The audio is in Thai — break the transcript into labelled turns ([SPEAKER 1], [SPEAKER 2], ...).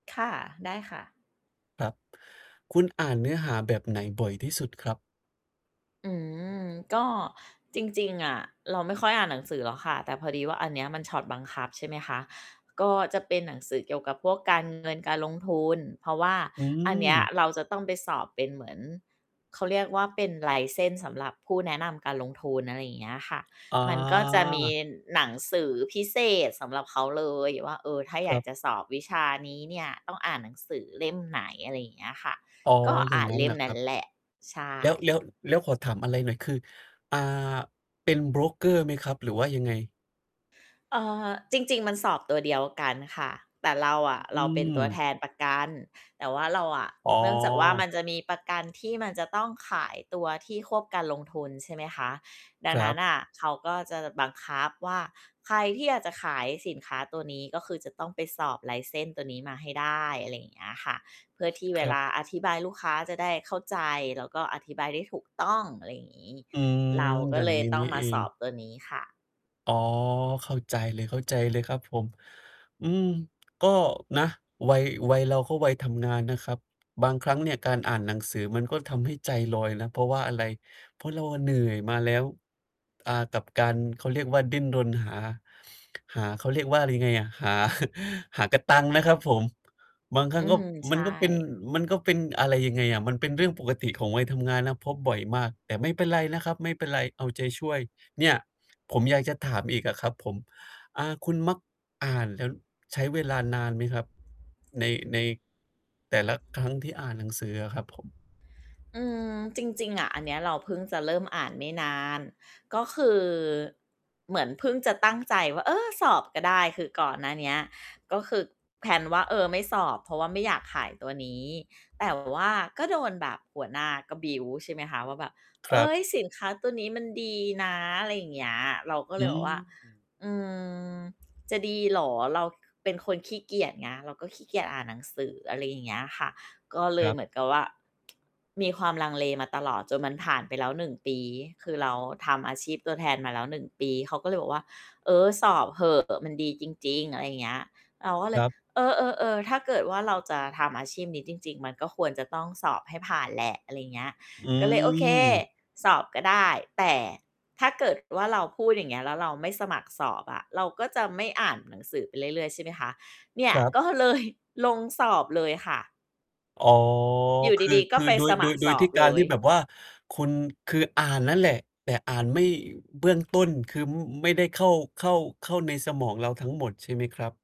[SPEAKER 1] ค่ะ ได้ค่ะ
[SPEAKER 2] ครับ คุณอ่านเนื้อหาแบบไหนบ่อยที่สุดครับ?
[SPEAKER 1] อืม ก็จริง ๆ อะเราไม่ค่อยอ่านหนังสือหรอกค่ะ แต่พอดีว่าอันเนี้ยมันช็อตบังคับใช่ไหมคะ ก็จะเป็นหนังสือเกี่ยวกับพวกการเงินการลงทุน เพราะว่า
[SPEAKER 2] อื
[SPEAKER 1] อันนี้
[SPEAKER 2] ม
[SPEAKER 1] เราจะต้องไปสอบเป็นเหมือน เขาเรียกว่าเป็น License สำหรับผู้แนะนำการลงทุน อะไรอย่างเงี้ยค่ะ
[SPEAKER 2] อ๋
[SPEAKER 1] มันก็จะมี
[SPEAKER 2] อ
[SPEAKER 1] หนังสือพิเศษสำหรับเขาเลยว่า เออ ถ้าอ
[SPEAKER 2] ค
[SPEAKER 1] ย
[SPEAKER 2] ร
[SPEAKER 1] า
[SPEAKER 2] ั
[SPEAKER 1] ก
[SPEAKER 2] บ
[SPEAKER 1] จะสอบวิชานี้เนี่ยต้องอ่านหนังสือเล่มไหน อะไรอย่างเงี้ยค่ะ
[SPEAKER 2] อ๋อ
[SPEAKER 1] ก็
[SPEAKER 2] อย
[SPEAKER 1] อ
[SPEAKER 2] ่า
[SPEAKER 1] ่
[SPEAKER 2] ง
[SPEAKER 1] าน
[SPEAKER 2] งั้
[SPEAKER 1] เ
[SPEAKER 2] น
[SPEAKER 1] ล่
[SPEAKER 2] เหร
[SPEAKER 1] ม
[SPEAKER 2] อ
[SPEAKER 1] น
[SPEAKER 2] ค
[SPEAKER 1] ั
[SPEAKER 2] ร
[SPEAKER 1] ้
[SPEAKER 2] ั
[SPEAKER 1] น
[SPEAKER 2] บ?
[SPEAKER 1] แหละ ใช่
[SPEAKER 2] แล้ว แล้ว แล้วขอถามอะไรหน่อย คือ อ่า เป็นโบรกเกอร์ไหมครับหรือว่ายังไง?
[SPEAKER 1] เอ่อ จริง ๆ มันสอบตัวเดียวกันค่ะ แต่เราอะ
[SPEAKER 2] อ
[SPEAKER 1] เรา
[SPEAKER 2] ื
[SPEAKER 1] เป็นตัวแ
[SPEAKER 2] ม
[SPEAKER 1] ทนประกัน แต่ว่าเราอะ
[SPEAKER 2] อ๋
[SPEAKER 1] เนื่องจากว่าม
[SPEAKER 2] อ
[SPEAKER 1] ันจะมีประกันที่มันจะต้องขายตัวที่ควบการลงทุนใช่ไหมคะ ดั
[SPEAKER 2] ค
[SPEAKER 1] ง
[SPEAKER 2] ร
[SPEAKER 1] น
[SPEAKER 2] ั
[SPEAKER 1] ั้น
[SPEAKER 2] บ
[SPEAKER 1] น่ะเขาก็จะบังคับว่าใครที่อยากจะขายสินค้าตัวนี้ ก็คือจะต้องไปสอบ License ตัวนี้มาให้ได้ อะไรอย่างเงี้ยค่ะ เพื่อที่เ
[SPEAKER 2] ค
[SPEAKER 1] ว
[SPEAKER 2] รั
[SPEAKER 1] ล
[SPEAKER 2] บ
[SPEAKER 1] าอธิบายลูกค้าจะได้เข้าใจ แล้วก็อธิบายได้ถูกต้องอะไรอย่างงี้
[SPEAKER 2] อืม
[SPEAKER 1] เราก
[SPEAKER 2] อ
[SPEAKER 1] ็
[SPEAKER 2] ย่า
[SPEAKER 1] เ
[SPEAKER 2] ง
[SPEAKER 1] ล
[SPEAKER 2] ง
[SPEAKER 1] ย
[SPEAKER 2] ี้
[SPEAKER 1] ต้
[SPEAKER 2] น
[SPEAKER 1] อ
[SPEAKER 2] ี
[SPEAKER 1] ง
[SPEAKER 2] ่
[SPEAKER 1] ม
[SPEAKER 2] เ
[SPEAKER 1] า
[SPEAKER 2] อ
[SPEAKER 1] ส
[SPEAKER 2] ง
[SPEAKER 1] อบตัวนี้ค่ะ
[SPEAKER 2] อ๋อ เข้าใจเลย เข้าใจเลยครับผม อืม ก็นะ วัย วัยเราก็วัยทำงานนะครับ บางครั้งเนี่ยการอ่านหนังสือมันก็ทำให้ใจลอยนะ เพราะว่าอะไร เพราะเราอะเหนื่อยมาแล้ว อ่า กับการ เขาเรียกว่าดิ้นรนหา หา เขาเรียกว่าอะไรยังไงอะ หา หากะตังค์นะครับผม บางครั
[SPEAKER 1] อ
[SPEAKER 2] ้
[SPEAKER 1] ื
[SPEAKER 2] งก็
[SPEAKER 1] ม ใ
[SPEAKER 2] ม
[SPEAKER 1] ช
[SPEAKER 2] ัน
[SPEAKER 1] ่
[SPEAKER 2] ก็เป็น มันก็เป็นอะไรยังไงอะ มันเป็นเรื่องปกติของวัยทำงานนะ พบบ่อยมาก แต่ไม่เป็นไรนะครับ ไม่เป็นไร เอาใจช่วย เนี่ย ผมอยากจะถามอีกอะครับผม อ่า คุณมัก อ่านแล้วใช้เวลานานไหมครับ ใน ในแต่ละครั้งที่อ่านหนังสืออะครับผม?
[SPEAKER 1] อืม จริง ๆ อะอันเนี้ยเราเพิ่งจะเริ่มอ่านไม่นาน ก็คือเหมือนเพิ่งจะตั้งใจว่า เออ สอบก็ได้ คือก่อนหน้านี้ก็คือ แพลน ว่า เออ ไม่สอบ เพราะว่าไม่อยากขายตัวนี้ แต่ ว่าก็โดนแบบหัวหน้าก็ บิลด์ ใช่ไหมคะ ว่าแบบ
[SPEAKER 2] ค
[SPEAKER 1] เฮ
[SPEAKER 2] รั
[SPEAKER 1] ้
[SPEAKER 2] บ
[SPEAKER 1] ย สินค้าตัวนี้มันดีนะ อะไรอย่างเงี้ย เราก็
[SPEAKER 2] อ
[SPEAKER 1] เ
[SPEAKER 2] ื
[SPEAKER 1] ลยแบบว่า
[SPEAKER 2] ม
[SPEAKER 1] "อืม จะดีเหรอ" เราเป็นคนขี้เกียจไง เราก็ขี้เกียจอ่านหนังสือ อะไรอย่างเงี้ยค่ะ ก็เล
[SPEAKER 2] คร
[SPEAKER 1] ย
[SPEAKER 2] ับ
[SPEAKER 1] เหมือนกับว่า มีความลังเลมาตลอด จนมันผ่านไปแล้ว 1 ปี คือเราทำอาชีพตัวแทนมาแล้ว 1 ปี เขาก็เลยบอกว่า เออ สอบเหอะ มันดีจริง ๆ อะไรอย่างเงี้ย เราก็เล
[SPEAKER 2] คร
[SPEAKER 1] ย
[SPEAKER 2] ับ
[SPEAKER 1] เออ ๆ ๆ ถ้าเกิดว่า เราจะทำอาชีพนี้จริง ๆ มันก็ควรจะต้องสอบให้ผ่านแหละ อะไรอย่างเงี้ย
[SPEAKER 2] อ
[SPEAKER 1] ก็เลย โอเค
[SPEAKER 2] ืม
[SPEAKER 1] สอบก็ได้ แต่ถ้าเกิดว่า เราพูดอย่างเงี้ยแล้วเราไม่สมัครสอบอะ เราก็จะไม่อ่านหนังสือไปเรื่อย ๆ ใช่ไหมคะ เนี่
[SPEAKER 2] ค
[SPEAKER 1] ย
[SPEAKER 2] รับ
[SPEAKER 1] ก็เลย ลงสอบเลยค่ะ
[SPEAKER 2] อ๋อ
[SPEAKER 1] อยู่
[SPEAKER 2] คือ
[SPEAKER 1] ดี ๆ ก
[SPEAKER 2] ค
[SPEAKER 1] ็
[SPEAKER 2] ือ
[SPEAKER 1] ไป
[SPEAKER 2] โด
[SPEAKER 1] ส
[SPEAKER 2] ย โ
[SPEAKER 1] ม
[SPEAKER 2] ด
[SPEAKER 1] ัค
[SPEAKER 2] ย
[SPEAKER 1] ร
[SPEAKER 2] โด
[SPEAKER 1] ส
[SPEAKER 2] ย
[SPEAKER 1] อ
[SPEAKER 2] ที
[SPEAKER 1] บ
[SPEAKER 2] ่ ก
[SPEAKER 1] เล
[SPEAKER 2] ารท
[SPEAKER 1] ย
[SPEAKER 2] ี่แบบว่า คุณคืออ่านนั่นแหละ แต่อ่านไม่ เบื้องต้นคือไม่ได้เข้า เข้า เข้าในสมองเราทั้งหมดใช่ไหมครับ?